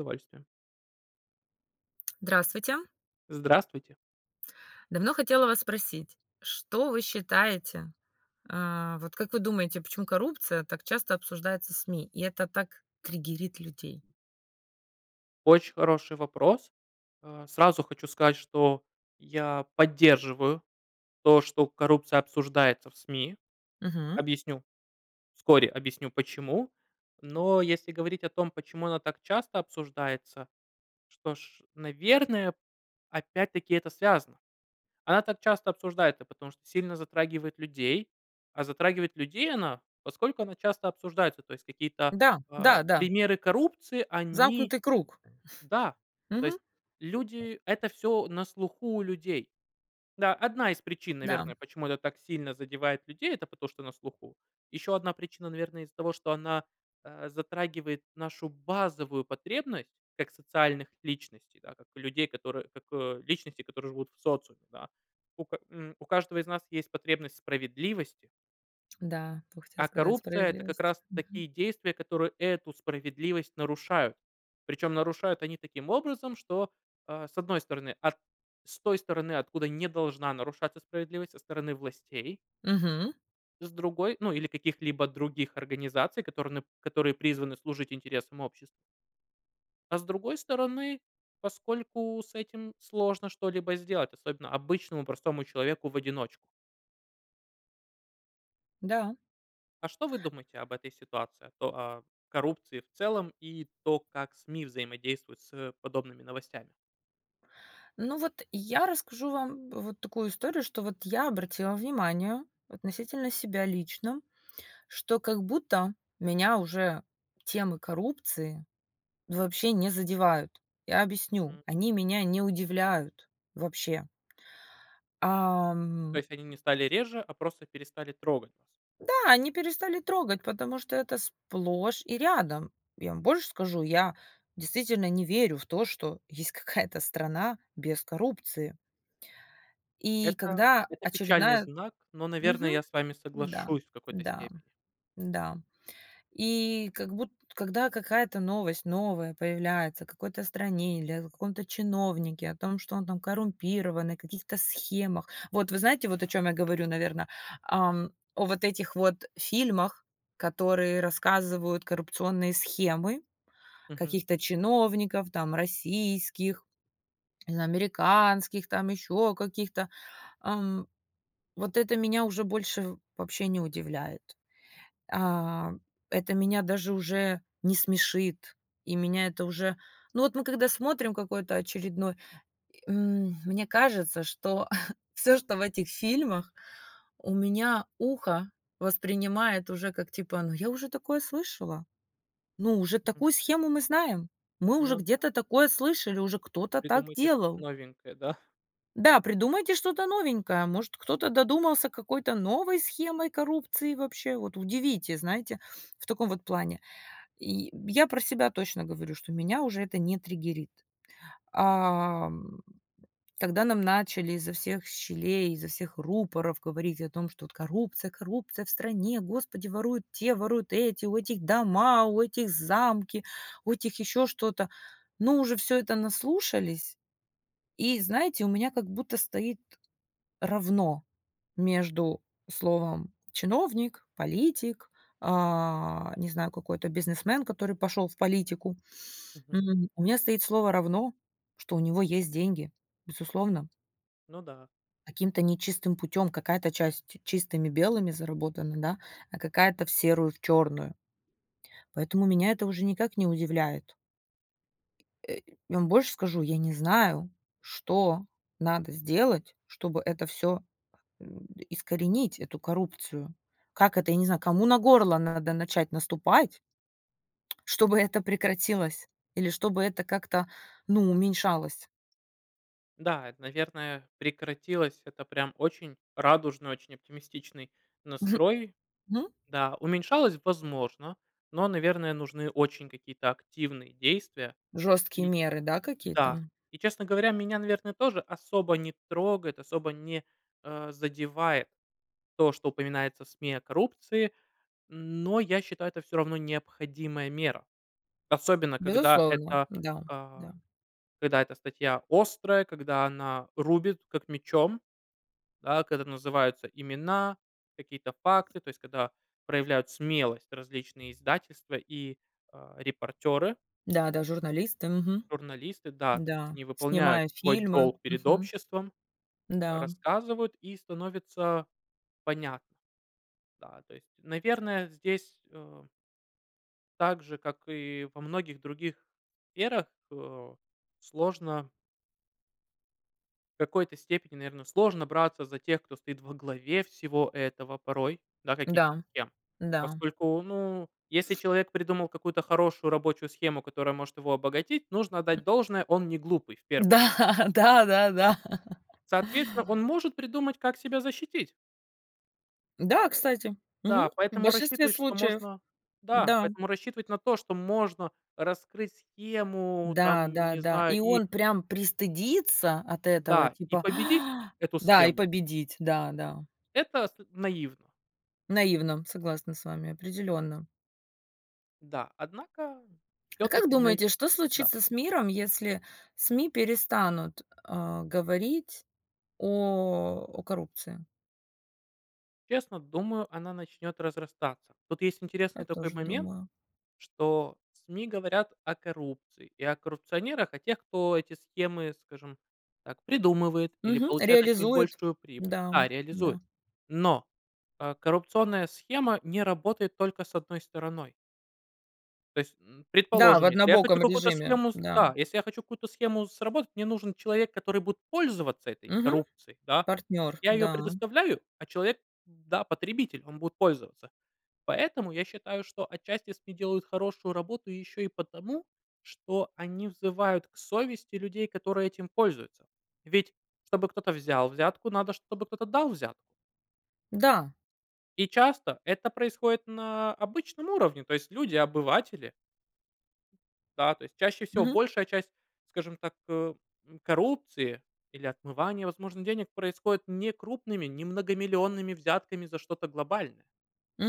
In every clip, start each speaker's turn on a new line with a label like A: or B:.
A: С удовольствием.
B: Здравствуйте.
A: Здравствуйте.
B: Давно хотела вас спросить, что вы считаете э, вот как вы думаете, почему коррупция так часто обсуждается СМИ, и это так триггерит людей?
A: Очень хороший вопрос. Э, сразу хочу сказать, что я поддерживаю то, что коррупция обсуждается в СМИ.
B: Мгм.
A: Объясню, вскоре объясню, почему. Но если говорить о том, почему она так часто обсуждается, что ж, наверное, опять-таки это связано. Она так часто обсуждается, потому что сильно затрагивает людей. А затрагивает людей она, поскольку она часто обсуждается. То есть какие-то,
B: Да,
A: э,
B: да да.
A: примеры коррупции они
B: Замкнутый круг.
A: Да, то
B: Мгм.
A: есть люди это всё на слуху у людей. Да, одна из причин,
B: Да.
A: наверное, почему это так сильно задевает людей- это потому что на слуху. Ещё одна причина, наверное, из-за того, что она, э, затрагивает нашу базовую потребность как социальных личностей, да, как людей, которые как, э, личностей, которые живут в социуме, да. У ка м, у каждого из нас есть потребность в справедливости.
B: Да, тока хотела
A: А
B: сказать:
A: коррупция- это как
B: "Справедливость".
A: раз
B: Мгм.
A: такие действия, которые эту справедливость нарушают. Причем нарушают они таким образом, что, э, с одной стороны, от с той стороны, откуда не должна нарушаться справедливость, со стороны властей.
B: Мгм.
A: С другой, ну, или каких-либо других организаций, которые нып которые призваны служить интересам обществ. А, с другой стороны, поскольку с этим сложно что-либо сделать, особенно обычному простому человеку в одиночку.
B: Да.
A: А что вы думаете об этой ситуации? То а, коррупции в целом и то, как СМИ взаимодействуют с подобными новостями?
B: Ну, вот я расскажу вам вот такую историю, что вот я обратила внимание, относительно себя лично, что как будто меня уже темы коррупции вообще не задевают. Я объясню: они
A: М,.
B: меня не удивляют вообще.
A: То
B: Ам.
A: есть они не стали реже, а просто перестали трогать вас?
B: Да, они перестали трогать, потому что это сплошь и рядом. Я вам больше скажу, я действительно не верю в то, что есть какая-то страна без коррупции. И
A: Это
B: когда
A: это печальный
B: очередная
A: знак, но, наверно,
B: Мгм.
A: я с вами
B: Да,
A: соглашусь в какой-то
B: да,
A: степени.
B: да. И как будт когда какая-то новость новая появляется о какой-то стране или о каком-то чиновнике, о том, что он там коррумпированный, о каких-то схемах, вот вы знаете, вот о чём я говорю, наверно. Ам, о вот этих вот фильмах, которые рассказывают коррупционные схемы
A: Мгм.
B: каких-то чиновников там российских, не знаю, американских, там ещё каких-то. Эм. Вот это меня уже больше в вообще не удивляет. А, это меня даже уже не смешит. И меня это уже Ну вот мы когда смотрим какой-то очередной и м, мне кажется, что всё, что в этих фильмах, у меня ухо воспринимает уже как типа: "Ну я уже такое слышала! Ну, уже
A: Мгм.
B: такую схему мы знаем! Мы уже
A: Ну да.
B: где-то такое слышали, уже кто-то так
A: Придумайте что-то
B: делал!"
A: новенькое, да?
B: Да, придумайте что-то новенькое! Может, кто-то додумался какой-то новой схемой коррупции вообще? Вот, удивите, знаете, в таком вот плане. И, м, я про себя точно говорю, что меня уже это не триггерит. Ам, когда нам начали изо всех щелей, изо всех рупоров говорить о том, что вот: "Коррупция коррупция в стране. Господи, воруют те, воруют эти, у этих дома, у этих замки, у этих ещё что-то". Ну уже всё это наслушались. И, знаете, у меня как будто стоит равно между словом "чиновник", "политик", а, не знаю, какой-то "бизнесмен", который пошёл в политику.
A: Мгм.
B: М. У меня стоит слово "равно", что у него есть деньги. Безусловно.
A: Ну да.
B: Каким-то нечистым путём, какая-то часть чистыми белыми заработана, да, а какая-то в серую, в чёрную. Поэтому меня это уже никак не удивляет. Э, я вам больше скажу, я не знаю, что надо сделать, чтобы это всё, м, искоренить эту коррупцию. Как это, я не знаю, кому на горло надо начать наступать, чтобы это прекратилось или чтобы это как-то, ну, уменьшалось.
A: Да, это, наверное, прекратилось. Это прям очень радужный, очень оптимистичный настрой.
B: Мгм.
A: Да, уменьшалось- возможно, но, наверное, нужны очень какие-то активные действия.
B: Жёсткие
A: И
B: меры, да,
A: да,
B: какие-то?
A: и, честно говоря, меня, наверное, тоже особо не трогает, особо не, э, задевает то, что упоминается в СМИ о коррупции. Но я считаю, это всё равно необходимая мера. Особенно, когда
B: Безусловно.
A: эта,
B: Да,
A: а,
B: да.
A: когда эта статья острая, когда она рубит, как мечом. Да, когда называются имена, какие-то факты, то есть когда проявляют смелость различные издательства и, а, репортеры.
B: Да-да, журналисты. Мгм.
A: Журналисты, да, то есть
B: Да,
A: они выполняют
B: снимая
A: свой
B: фильмы,
A: долг перед
B: мгм,
A: обществом,
B: да.
A: рассказывают и становится понятно. Да, то есть, наверное, здесь, эм Так же, как и во многих других сферах, э, сложно В какой-то степени, наверно, сложно браться за тех, кто стоит во главе всего этого порой, да, каких-то
B: Да,
A: схем.
B: да.
A: Поскольку, ну, если человек придумал какую-то хорошую рабочую схему, которая может его обогатить, нужно отдать должное, он не глупый, в
B: Да
A: первую о
B: да-да-да.
A: Соответственно, он может придумать, как себя защитить.
B: Да, кстати. Мгм,
A: Да,
B: в
A: поэтому
B: большинстве
A: рассчитывать, что
B: случаев.
A: можно Да,
B: Да.
A: поэтому рассчитывать на то, что можно раскрыть схему, там, не
B: Да-да-да.
A: знаю,
B: И
A: и
B: он прям пристыдиться от этого,
A: да, и
B: типа
A: победить эту
B: Да, и
A: схему
B: победить. Да-да.
A: это с наивно.
B: Наивно, согласна с вами, определённо.
A: Да, однако,
B: А как
A: всё-таки наив
B: думаете, что
A: Да.
B: случится с миром, если СМИ перестанут, э, говорить о о коррупции?
A: Честно, думаю, она начнет разрастаться. Тут есть
B: Я
A: интересный такой
B: тоже
A: момент,
B: думаю.
A: что СМИ говорят о коррупции и о коррупционерах, о тех, кто эти схемы, скажем так, придумывает или
B: Мгм,
A: получает от них
B: реализует
A: большую прибыль
B: да,
A: Да, реализует.
B: да.
A: Но, э, коррупционная схема не работает только с одной стороной. То есть, м,
B: Да, в
A: предположим, если я хочу
B: однобоком
A: какую-то
B: режиме,
A: схему, с
B: да.
A: да, если я хочу какую-то схему сработать, мне нужен человек, который будет пользоваться этой
B: Мгм.
A: коррупцией, да. То есть
B: Партнёр,
A: я её
B: да.
A: предоставляю, а человек, да, потребитель, он будет пользоваться. Поэтому я считаю, что отчасти, если делают хорошую работу ещё и потому, что они взывают к совести людей, которые этим пользуются. Ведь, чтобы кто-то взял взятку, надо, чтобы кто-то дал взятку.
B: Да.
A: И часто это происходит на обычном уровне. То есть люди обыватели. Да, то есть чаще всего,
B: Мгм.
A: большая часть, скажем так, э, м, коррупции или отмывания возможных денег происходит не крупными, не многомиллионными взятками за что-то глобальное,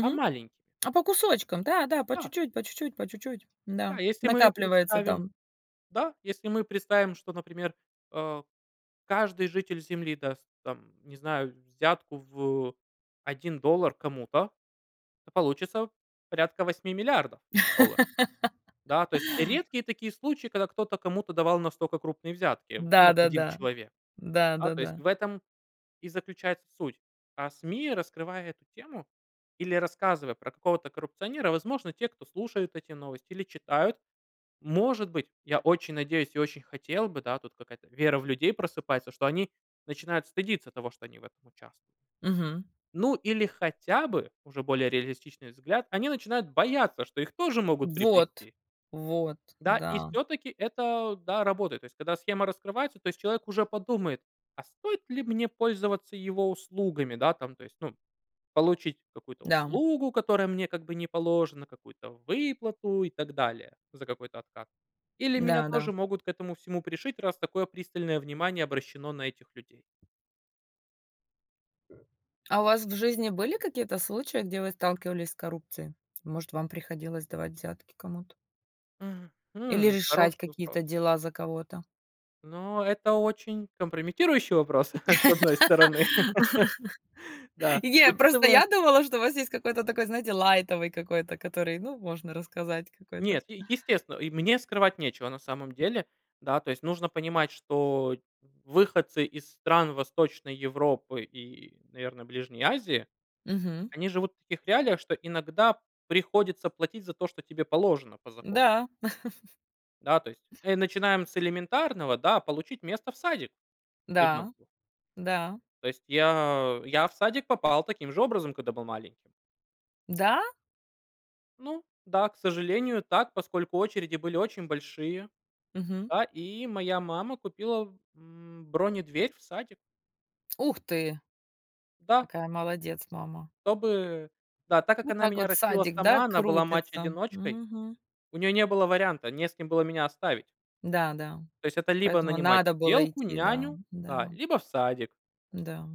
A: а маленькими.
B: А по кусочкам, да-да, по
A: Да.
B: чуть-чуть по чуть-чуть по чуть-чуть.
A: Да,
B: Да,
A: если мы
B: накапливается
A: представим
B: там.
A: да, если мы представим что, например, э, каждый житель земли даст, там, не знаю, взятку в 1 доллар кому-то, то получится порядка 8 000 000 000 долларов. Да, то есть редкие такие случаи, когда кто-то кому-то давал настока крупные взятки, в ну, 1
B: Да-да-да,
A: человек. Да, то есть
B: да-да-да.
A: в этом и заключается суть. А СМИ, раскрывая эту тему или рассказывая про какого-то коррупционера, возможно, те, кто слушают эти новости или читают, может быть, я очень надеюсь и очень хотел бы, да, тут какая-то вера в людей просыпается, что они начинают стыдиться того, что они в этом участвуют.
B: Мгм.
A: Ну, или хотя бы, уже более реалистичный взгляд, они начинают бояться, что их тоже могут
B: Вот,
A: приплести.
B: вот,
A: Да, и
B: да.
A: всё-таки это, да, работает. То есть когда схема раскрывается, то есть человек уже подумает: "А стоит ли мне пользоваться его услугами, да, там, то есть, ну, получить какую-то
B: Да.
A: услугу, которая мне как бы не положена, какую-то выплату и так далее за какой-то откат? Или меня
B: Да-да.
A: тоже могут к этому всему пришить, раз такое пристальное внимание обращено на этих людей?"
B: А у вас в жизни были какие-то случаи, где вы сталкивались с коррупцией? Может, вам приходилось давать взятки кому-то? Или
A: Мгм,
B: решать
A: хороший вопрос.
B: какие-то дела за кого-то?
A: Но это очень компрометирующий вопрос, с одной стороны. Да,
B: Е просто
A: учитывая
B: я думала, что у вас есть какой-то такой, знаете, лайтовый какой-то, который, ну, можно рассказать какой-то.
A: Нет, е естественно, и мне скрывать нечего, на самом деле. Да, то есть нужно понимать, что выходцы из стран Восточной Европы и, наверно, Ближней Азии,
B: Мгм.
A: они живут в таких реалиях, что иногда приходится платить за то, что тебе положено по закону.
B: Да.
A: Да, то есть, э, начинаем с элементарного, да: получить место в садик
B: Да,
A: ребенку.
B: да.
A: То есть я я в садик попал таким же образом, когда был маленьким.
B: Да?
A: Ну да, к сожалению, так, поскольку очереди были очень большие,
B: Мгм.
A: да, и моя мама купила, м, бронедверь в садик.
B: Ух ты!
A: Да.
B: Какая молодец мама.
A: Чтобы да, так как
B: Вот
A: она
B: так
A: меня
B: вот
A: растила
B: садик, да,
A: сама, она была
B: крутится.
A: мать-одиночкой,
B: Мгм.
A: у нее не было варианта, не с кем было меня оставить.
B: Да-да,
A: То есть это либо
B: поэтому
A: нанимать
B: надо было
A: сиделку,
B: идти, да,
A: няню, да,
B: да.
A: либо в садик.
B: Да.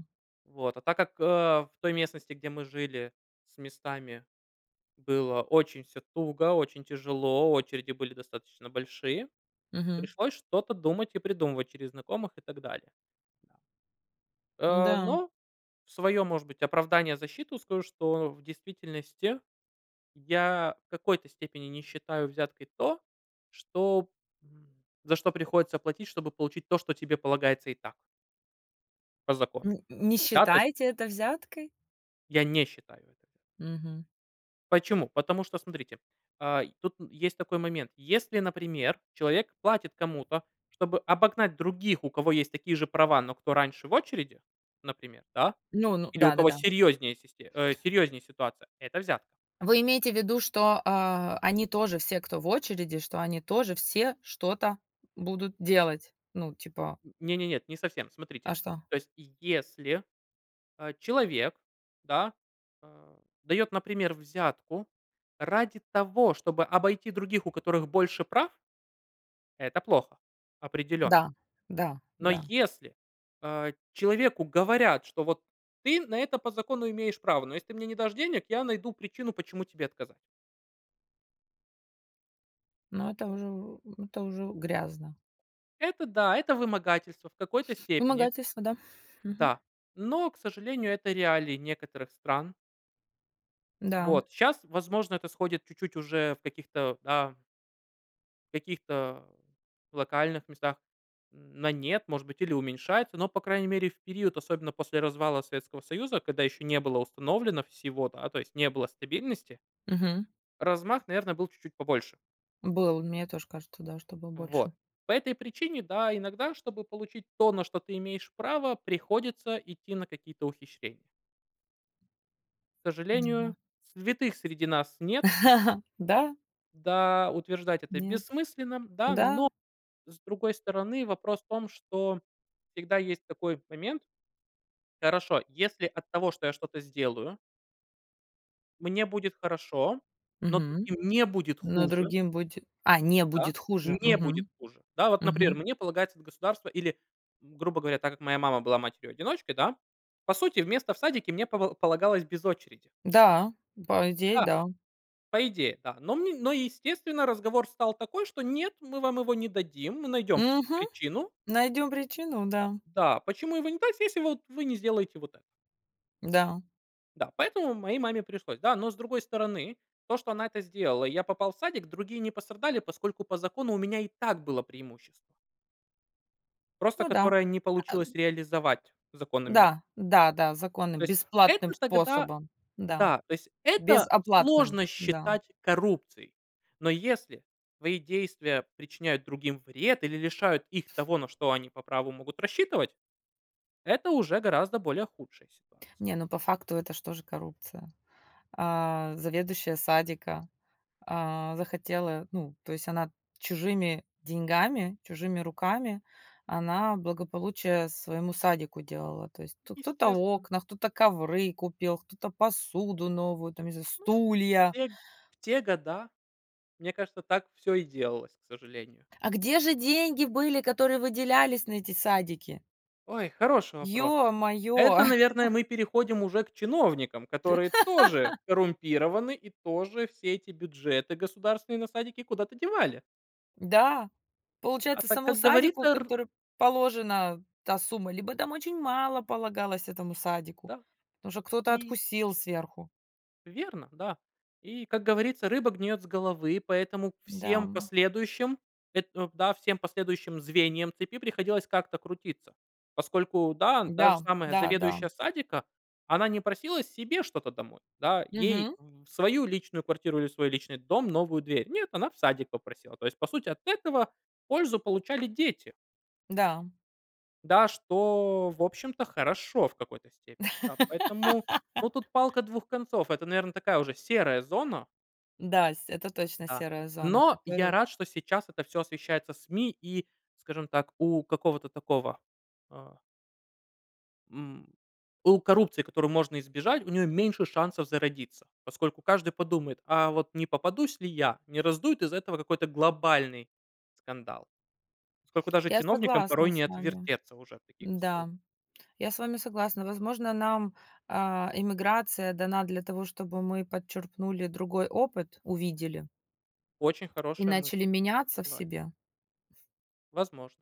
A: Вот, а так как, а, в той местности, где мы жили, с местами было очень всё туго, очень тяжело, очереди были достаточно большие,
B: Мгм.
A: пришлось что-то думать и придумывать через знакомых и так далее. Да. Э,
B: М-да.
A: но в своё, может быть, оправдание, защиту скажу, что в действительности, я в какой-то степени не считаю взяткой то, что, м, за что приходится платить, чтобы получить то, что тебе полагается и так. По закону.
B: Н не
A: Да, то есть
B: считаете это взяткой?
A: Я не считаю это
B: Мгм.
A: Почему? Потому что, смотрите, э, и тут есть такой момент. Если, например, человек платит кому-то, чтобы обогнать других, у кого есть такие же права, но кто раньше в очереди, например, да,
B: Ну ну
A: или у кого
B: да-да-да.
A: серьёзнее систе э, серьёзнее ситуация- это взятка.
B: Вы имеете в виду, что, э, они тоже все, кто в очереди, что они тоже все что-то будут делать? Ну, типа
A: Не не нет, не совсем. Смотрите,
B: А что?
A: то есть если, э, человек, да, а, дает, например, взятку ради того, чтобы обойти других, у которых больше прав это плохо. Определённо.
B: Да, да,
A: Но
B: да.
A: если, э, человеку говорят, что вот: "Ты на это по закону имеешь право, но если ты мне не дашь денег, я найду причину, почему тебе отказать".
B: Но это уже ну это уже грязно.
A: Это да, это вымогательство в какой-то степени.
B: Вымогательство, да. Мгм.
A: Да, но, к сожалению, это реалии некоторых стран.
B: Да.
A: Вот щас, возможно, это сходит чуть-чуть уже в каких-то, да каких-то локальных местах н на "нет", может быть, или уменьшается, но, по крайней мере, в период, особенно после развала Советского Союза, когда ещё не было установлено всего, да, то есть, не было стабильности
B: Мгм.
A: размах, наверно, был чуть-чуть побольше.
B: Было, вот мне тоже кажется, да, что было больше.
A: Вот. По этой причине, да, иногда, чтобы получить то, на что ты имеешь право, приходится идти на какие-то ухищрения. К
B: Ну
A: сожалению,
B: да.
A: святых среди нас нет.
B: Да.
A: Да, утверждать это
B: Нет,
A: бессмысленно, да.
B: да.
A: Но, с другой стороны, вопрос в том, что всегда есть такой момент. Хорошо, если от того, что я что-то сделаю мне будет хорошо, но
B: Мгм.
A: другим не будет
B: Но
A: хуже.
B: другим буде а, не
A: Да,
B: будет хуже.
A: не будет
B: Мгм.
A: хуже. Да, вот, например,
B: Мгм.
A: мне полагается от государства или, м, грубо говоря, так как моя мама была матерью-одиночкой, да? По сути, место в садике мне пова полагалось без очереди.
B: Да, по идее,
A: Да.
B: да.
A: По идее, да. Но мн но, естественно, разговор стал такой, что: "Нет, мы вам его не дадим. Мы найдем
B: Мгм.
A: причину".
B: Найдём причину, да.
A: Да. Почему его не так, если, вот, вы не сделаете вот это?
B: Да.
A: Да. Поэтому моей маме пришлось, да. Но, с другой стороны, то, что она это сделала, и я попал в садик, другие не пострадали, поскольку по закону у меня и так было преимущество. Просто
B: Ну да.
A: которое не
B: А а у
A: получилось реализовать законами.
B: Да, да-да, законы
A: То есть
B: бесплатным
A: это тогда
B: способом, да,
A: да, то есть это
B: безоплатным,
A: сложно
B: да.
A: считать коррупцией. Но если твои действия причиняют другим вред или лишают их того, на что они по праву могут рассчитывать- это уже гораздо более худшая ситуация.
B: Не, ну по факту это ж тоже коррупция. А, заведующая садика, а, захотела, ну, то есть она чужими деньгами, чужими руками, она благополучие своему садику делала. То есть тут кто-то
A: Естественно.
B: окна, кто-то ковры купил, кто-то посуду новую, там, не знаю,
A: Ну. В
B: стулья.
A: те г в те года, мне кажется, так всё и делалось, к сожалению.
B: А где же деньги были, которые выделялись на эти садики?
A: Ой, хороший вопрос.
B: Ё-моё.
A: Это, наверное, мы переходим уже к чиновникам, которые тоже коррумпированы и тоже все эти бюджеты государственные на садики куда-то девали.
B: Да,
A: А
B: получается
A: так,
B: самому
A: как
B: садику,
A: говорится, р
B: которо положена та сумма, либо там очень мало полагалось этому садику,
A: Да.
B: потому что кто-то
A: И
B: откусил сверху.
A: Верно, да. И, как говорится, рыба гниет с головы, поэтому всем
B: Да.
A: последующим, это, эм да, всем последующим звеньям цепи приходилось как-то крутиться, поскольку, да, та же
B: Да,
A: самая
B: да-да.
A: заведующая садика, она не просила себе что-то домой, да, ей
B: Мгм.
A: в в свою личную квартиру или в свой личный дом новую дверь. Нет, она в садик попросила. То есть по сути, от этого пользу получали дети.
B: Да.
A: Да, что, в общем-то, хорошо в какой-то степени. Да, поэтому, ну, тут палка двух концов. Это, наверно, такая уже, серая зона.
B: Да, с это точно
A: Да,
B: серая зона,
A: но я
B: которую
A: рад, что сейчас это всё освещается СМИ и, скажем так, у какого-то такого, а м, у коррупции, которую можно избежать, у нее меньше шансов зародиться. Поскольку каждый подумает: "А вот не попадусь ли я? Не раздуют из-за этого какой-то глобальный скандал?" Поскольку даже
B: Я
A: чиновникам
B: согласна
A: порой не
B: с вами.
A: отвертеться уже в таких
B: Да,
A: историях.
B: я с вами согласна. Возможно, нам, а, эмиграция дана для того, чтобы мы подчерпнули другой опыт, увидели.
A: Очень
B: И
A: хорошая
B: начали
A: мысль.
B: меняться в
A: Согласен.
B: себе.
A: Возможно.